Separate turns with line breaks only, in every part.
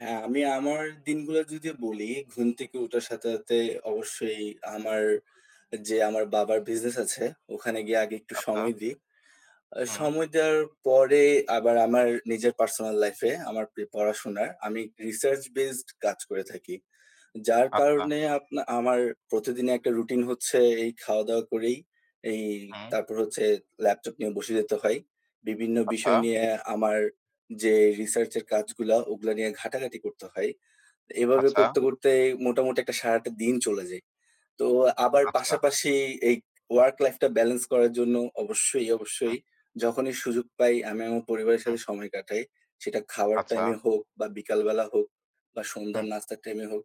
হ্যাঁ, আমি আমার দিনগুলো যদি বলি, ঘুম থেকে ওঠার সাথে, সাথে অবশ্যই আমার আ যে আমার বাবার বিজনেস আছে ওখানে গিয়ে আগে একটু
আচ্ছা।
সময় দিই। আ
হুম।
সময় দেওয়ার পরে, আবার আমার নিজের পার্সোনাল লাইফ এ আমার পি পড়াশোনায় আমি রিসার্চ বেইসড কাজ করে থাকি। যার
আচ্ছা।
কারণে আপনা আমার প্রতিদিনের একটা রুটিন হচ্ছে এই খাওয়া-দাওয়া করেই, এই
হুম।
তারপর হচ্ছে ল্যাপটপ নিয়ে বসে যেতে হয়। বিভিন্ন
আথা।
বিষয় নিয়ে আমার যে রিসার্চ-এর কাজগুলা, ওগুলা নিয়ে ঘাটাঘাটি করতে হয়। এভাবে
আচ্ছা।
করতে, করতে মোটামুটি একটা সারাটা দিন চলে যায়। তো আবার
আচ্ছা।
পাশাপাশি এই ওয়ার্ক লাইফটা ব্যালেন্স করার জন্য অবশ্যই,
হুম।
অবশ্যই যখনই সুযোগ পাই আমি আমার পরিবারের
হুম।
সাথে সময় কাটাই। সেটা খাবার
আচ্ছা।
টাইম-এ হোক বা বিকালবেলা হোক বা সন্ধ্যার
হুম।
নাস্তার টাইম-এ হোক,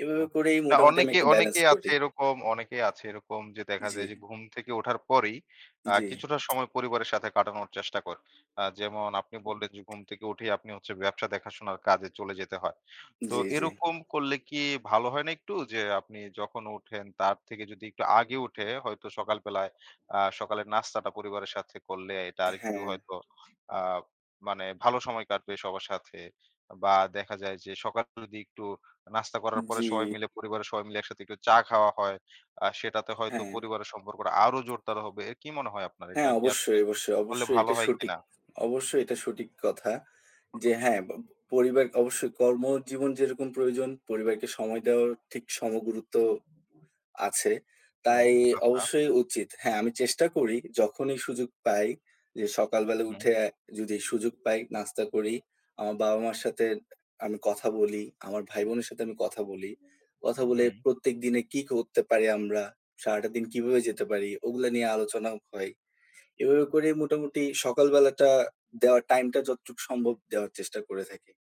এভাবে
হুম।
করেই
না
মোটামুটি
অনেকেই,
অনেকটা ব্যালান্স
অনেকেই আছে
করি।
এরকম, অনেকেই আছে এরকম যে, দেখা
জি।
যায় যে ঘুম থেকে ওঠার পরেই, আ
জি।
কিছুটা সময় পরিবারের সাথে কাটানোর চেষ্টা করে। আ যেমন আপনি বললেন যে, ঘুম থেকে উঠেই আপনি হচ্ছে, ব্যবসা দেখাশোনার কাজে চলে যেতে হয়। তো
জি, জি।
এরকম করলে কি ভালো হয় না একটু? যে, আপনি যখন উঠেন তার থেকে যদি একটু আগে উঠে হয়তো সকালবেলায় আ সকালের নাস্তাটা পরিবারের সাথে করলে, এটা আরেকটু
হ্যাঁ।
হয়তো আ মানে ভালো সময় কাটবে সবার সাথে বা দেখা যায় যে, সকালে যদি একটু নাস্তা করার পরে
জি।
সবাই মিলে, পরিবারের সবাই মিলে একসাথে একটু চা খাওয়া হয়, আ সেটাতে হয়তো
হ্যাঁ।
পরিবারের সম্পর্কটা আরও জোরদার হবে। এ কি মনে হয় আপনার এটা
হ্যাঁ,
কি আসলে
অবশ্যই, অবশ্যই,
করলে,
অবশ্যই
ভালো
এটা
হয়
সঠিক।
কিনা?
অবশ্যই এটা সঠিক কথা। যে হ্যাঁ, বা ব পরিবারকে অবশ্যই কর্মজীবন যেরকম প্রয়োজন পরিবারকে সময় দেওয়ার ঠিক সমগুরুত্ব আছে
হুম
তাই
আথা।
অবশ্যই উচিত। হ্যাঁ, আমি চেষ্টা করি যখনই সুযোগ পাই যে, সকালবেলা
হুম।
উঠে অ্যা যদি সুযোগ পাই নাস্তা করি, আমার বাবা-মার সাথে আমি কথা বলি, আমার ভাই-বোনের সাথে আমি কথা বলি। কথা বলে
হুম।
প্রত্যেকদিনে কী করতে পারি আমরা, সারাটা দিন কিভাবে যেতে পারি, ওগুলা নিয়ে আলোচনাও হয়। এভাবে করেই মোটামুটি সকালবেলাটা দেওয়ার টাইমটা যতটুক সম্ভব, দেওয়ার চেষ্টা করে থাকি।